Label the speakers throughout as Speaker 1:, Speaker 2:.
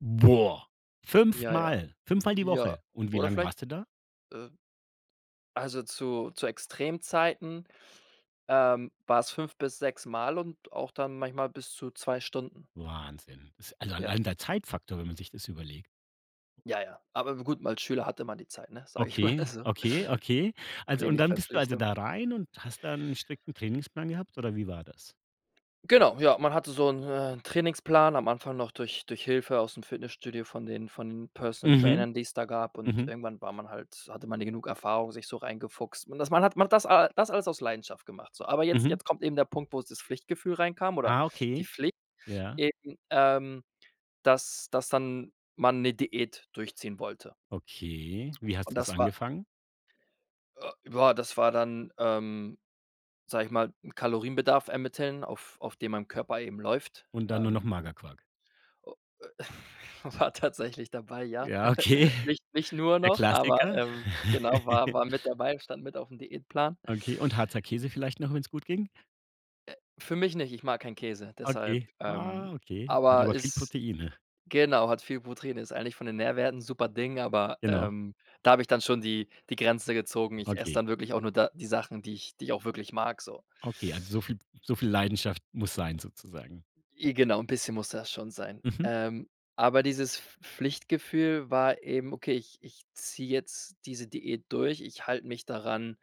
Speaker 1: Boah,
Speaker 2: Ja, ja,
Speaker 1: fünfmal fünfmal die
Speaker 2: ja.
Speaker 1: Woche. Und wie
Speaker 2: Oder
Speaker 1: lang
Speaker 2: vielleicht
Speaker 1: warst du da?
Speaker 2: äh, also, zu zu Extremzeiten, ähm, war es fünf bis sechsmal und auch dann manchmal bis zu 2 Stunden.
Speaker 1: Wahnsinn. Is also,
Speaker 2: Ja.
Speaker 1: allein der Zeitfaktor, wenn man sich das überlegt.
Speaker 2: Ja, ja. Aber g gut, als Schüler hatte man die Zeit, ne? Sage ich mal
Speaker 1: Okay,
Speaker 2: so,
Speaker 1: okay, okay. Also, und
Speaker 2: wenig
Speaker 1: dann bist du also
Speaker 2: Verpflichtung.
Speaker 1: da rein und hast da 'n strikten Trainingsplan gehabt oder wie war das?
Speaker 2: Genau, ja, man hatte so 'n, äh 'n Trainingsplan, am Anfang noch durch durch Hilfe aus'm Fitnessstudio von den von den Personal
Speaker 1: Mhm,
Speaker 2: Trainern, die es da gab. Und
Speaker 1: mhm.
Speaker 2: irgendwann war man halt hatte man die genug Erfahrung, sich so reingefuchst. Und das man hat macht das das alles aus Leidenschaft gemacht, so. Aber jetzt
Speaker 1: Mhm.
Speaker 2: jetzt kommt eben der Punkt, wo es das Pflichtgefühl reinkam oder
Speaker 1: Ah
Speaker 2: die
Speaker 1: okay,
Speaker 2: Pflicht
Speaker 1: ja.
Speaker 2: eben, ähm, dass dass dann man 'ne Diät durchziehen wollte.
Speaker 1: Okay, wie
Speaker 2: Und
Speaker 1: hast du das
Speaker 2: das war
Speaker 1: angefangen?
Speaker 2: Äh, ja, das war dann, ähm, sage ich mal, Kalorienbedarf ermitteln, auf auf dem mein Körper eben läuft,
Speaker 1: Und dann nur noch
Speaker 2: ähm.
Speaker 1: Magerquark?
Speaker 2: Oh. Äh. War tatsächlich dabei, ja.
Speaker 1: Ja, okay,
Speaker 2: Nich nicht nur
Speaker 1: der
Speaker 2: noch, aber,
Speaker 1: Klassiker.
Speaker 2: ähm, genau, war war mit dabei, stand mit auf'm Diätplan.
Speaker 1: Okay und Harzer Käse vielleicht noch, wenn's gut ging.
Speaker 2: Äh, für mich nicht, ich mag keinen Käse, deshalb,
Speaker 1: Okay,
Speaker 2: ähm
Speaker 1: ah, okay, der hat
Speaker 2: aber
Speaker 1: aber viel
Speaker 2: ist
Speaker 1: Proteine.
Speaker 2: genau, hat viel Protein, ist eigentlich von den Nährwerten Superding, aber,
Speaker 1: Genau.
Speaker 2: ähm, da habe ich dann schon die die Grenze gezogen. Ich esse
Speaker 1: Okay.
Speaker 2: dann wirklich auch nur da die Sachen, die ich die ich auch wirklich mag so.
Speaker 1: Okay, also, so viel so viel Leidenschaft muss sein sozusagen?
Speaker 2: I genau, 'n bisschen musste das schon sein.
Speaker 1: Mhm.
Speaker 2: Ähm, aber dieses Pf Pflichtgefühl war eben: „Okay, ich ich ziehe jetzt diese Diät durch. Ich halt mich daran,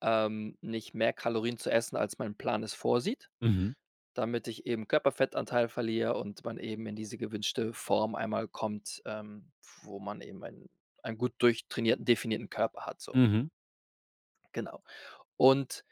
Speaker 2: ähm, nicht mehr Kalorien zu essen, als mein Plan es vorsieht.“
Speaker 1: Mhm.
Speaker 2: Damit ich eben Körperfettanteil verliere und man eben in diese gewünschte Form einmal kommt, ähm, wo man eben einen einen gut durchtrainierten, definierten Körper hat so.
Speaker 1: Mhm.
Speaker 2: Genau. Und